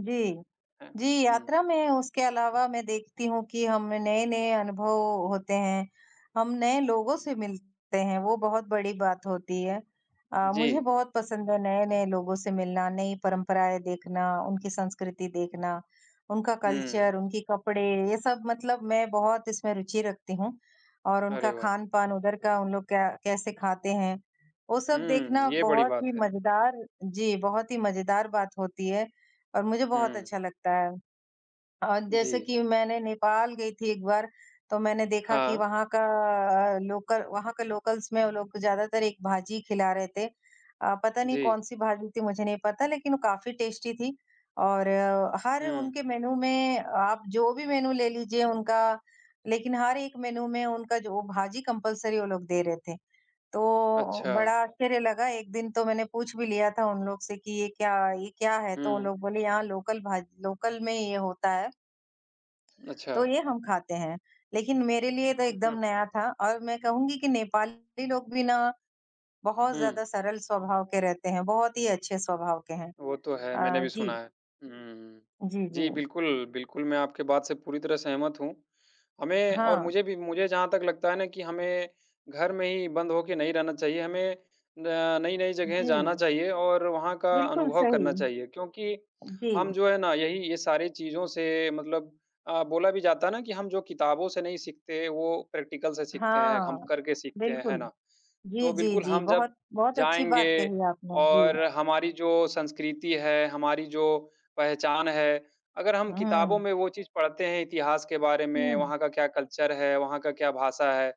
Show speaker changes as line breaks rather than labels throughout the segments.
जी।
हाँ,
जी
हुँ।
यात्रा में उसके अलावा मैं देखती हूँ कि हम नए-नए अनुभव होते हैं, हम नए लोगों से मिलते हैं, वो बहुत बड़ी बात होती है। अ, मुझे
जी।
बहुत पसंद है नए-नए लोगों से मिलना, नई परंपराएँ देखना, उनकी संस्कृति देखना, उनका
हुँ।
कल्चर, उनके कपड़े, ये सब मतलब मैं बहुत इसमें रुचि रखती हूँ और उनका
अरे, वाह!
खान-पान उधर का उन लोग क्या कैसे खाते हैं, वो सब देखना
हुँ, ये बड़ी
बहुत
बात
ही
है।
मजेदार जी, बहुत ही मजेदार बात होती है और मुझे बहुत
हुँ।
अच्छा लगता है। अ, जैसे
जी।
कि मैंने नेपाल गई थी एक बार तो मैंने देखा कि
हाँ।
वहाँ का लोकल वहाँ का लोकल्स में वो लोग ज्यादातर एक भाजी खिला रहे थे अ, पता नहीं
जी।
कौन-सी भाजी थी मुझे नहीं पता लेकिन वो काफ़ी टेस्टी थी और हर
हुँ।
उनके मेनू में आप जो भी मेनू ले लीजिए उनका, लेकिन हर एक मेनू में उनका जो भाजी कंपल्सरी वो लोग दे रहे थे। तो बड़ा
अच्छा।
आश्चर्य लगा, एक दिन तो मैंने पूछ भी लिया था उन लोगों से कि ये क्या ये क्या है? तो उन
हुँ।
लोग बोले यहाँ लोकल भाजी लोकल में ये होता है,
अच्छा।
तो ये हम खाते हैं। लेकिन मेरे लिए तो
हुँ,
एकदम
हुँ।
नया था और मैं कहूँगी कि नेपाली लोग भी ना बहुत
हुँ।
ज़्यादा सरल स्वभाव के रहते हैं, बहुत ही अच्छे स्वभाव के हैं।
वो तो है, मैंने
अ,
भी सुना
जी।
है, हुँ, हुँ।
जी,
जी,
जी।
बिल्कुल, बिल्कुल मैं आपके बात से पूरी तरह सहमत हूँ, हमें और
हाँ।
मुझे भी मुझे जहाँ तक लगता है ना कि हमें घर में ही बंद होके नहीं रहना चाहिए। हमें न नई-नई जगहें जाना
जी।
चाहिए और वहाँ का
बिल्कुल
अनुभव
सही।
करना चाहिए क्योंकि हम
जी।
जो है ना यही ये सारी चीज़ों से मतलब अ, बोला भी जाता है ना कि हम जो किताबों से नहीं सीखते हैं, वो प्रैक्टिकल से सीखते हैं,
हाँ,
हम करके सीखते हैं, है
बिल्कुल।
ना?
जी,
तो
जी,
बिल्कुल
जी।
हम जब
बहुत, बहुत अच्छी बात
जाएँगे
कही आपने। जी।
और हमारी जो संस्कृति है, हमारी जो पहचान है, अगर हम किताबों
हुँ।
में वो चीज़ पढ़ते हैं, इतिहास के बारे में,
हुँ।
वहाँ का क्या कल्चर है, वहाँ का क्या भाषा है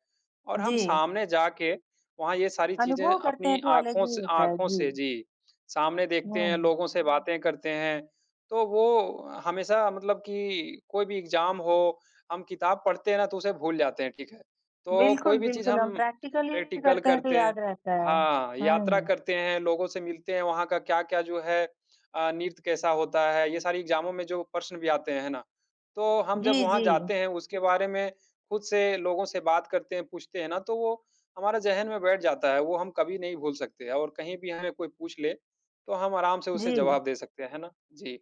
और हम
जी।
सामने जाके वहाँ ये सारी चीज़ें
अनुभव करते हैं
अपनी
तो अलग
आँखों
ही
से
होता है।
आँखों
जी।
से जी, सामने
उ,
देखते हैं,
हाँ।
लोगों से बातें करते हैं तो वो हमेशा मतलब कि कोई भी एग्ज़ाम हो, हम किताब पढ़ते हैं ना तो उसे भूल जाते हैं, ठीक है। तो कोई
बिल्कुल,
भी चीज़
बिल्कुल। हम
हम
प्रैक्टिकली
प्रैक्टिकल
करते हैं तो
करते हैं
याद रहता है।
हाँ, यात्रा
हुँ।
करते हैं, लोगों से मिलते हैं, वहाँ का क्या-क्या जो है अ, नृत्य कैसा होता है। ये सारे एग्ज़ामों में जो प्रश्न भी आते हैं ना, तो हम जब
जी,
वहाँ
जी।
जाते हैं, उसके बारे में खुद से लोगों से बात करते हैं, पूछते हैं ना तो वो हमारे जेहन में बैठ जाता है, वो हम कभी नहीं भूल सकते और कहीं भी हमें कोई पूछ ले तो हम आराम से उसे
जी।
जवाब दे सकते हैं, है ना? जी।